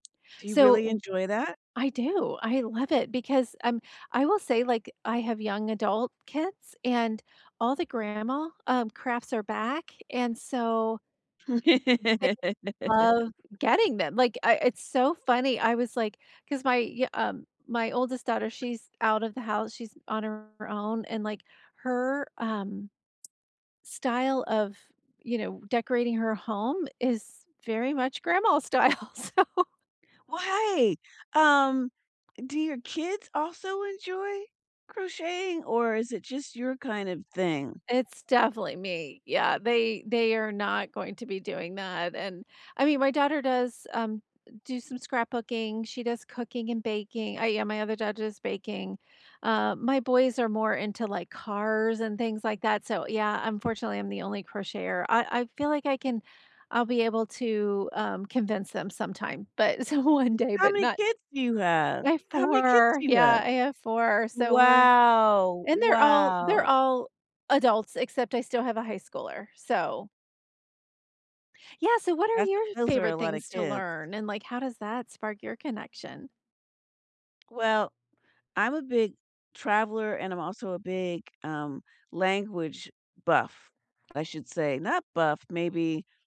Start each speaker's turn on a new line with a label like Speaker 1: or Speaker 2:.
Speaker 1: Do you
Speaker 2: So,
Speaker 1: really
Speaker 2: w
Speaker 1: enjoy that?
Speaker 2: I do. I love it because, um, I will say, like, I have young adult kids, and all the grandma, um, crafts are back and so they love getting them. Like, I it's so funny. I was like 'cause my y um, my oldest daughter, she's out of the house, she's on her own, and, like, her, um, style of, you know, decorating her home is very much grandma style, so
Speaker 1: Right! Um, do your kids also enjoy crocheting or is it just your kind of thing?
Speaker 2: It's definitely me. Yeah, they they are not going to be doing that, and I mean, my daughter does, um, d do some scrapbooking; she does cooking and baking. Uh, yeah, my other daughter does baking. Uh, my boys are more into, like, cars and things like that. So, yeah, unfortunately, I'm the only crocheter. I I feel like I can I'll be able to, um, convince them sometime, but so, one day,
Speaker 1: How
Speaker 2: but
Speaker 1: many
Speaker 2: not
Speaker 1: kids do you have?
Speaker 2: I have
Speaker 1: How many kids
Speaker 2: 4,
Speaker 1: do you
Speaker 2: yeah,
Speaker 1: have?
Speaker 2: I have 4. So we're
Speaker 1: Wow.
Speaker 2: and they're all they're
Speaker 1: Wow.
Speaker 2: all adults, except I still have a high schooler, so Yeah, so what are
Speaker 1: That's
Speaker 2: your
Speaker 1: those are a
Speaker 2: favorite
Speaker 1: lotta
Speaker 2: things to
Speaker 1: kids.
Speaker 2: learn, and, like, how does that spark your connection?
Speaker 1: Well, I'm a big traveler, and I'm also a big, um, language buff, I should say. Not buff, maybe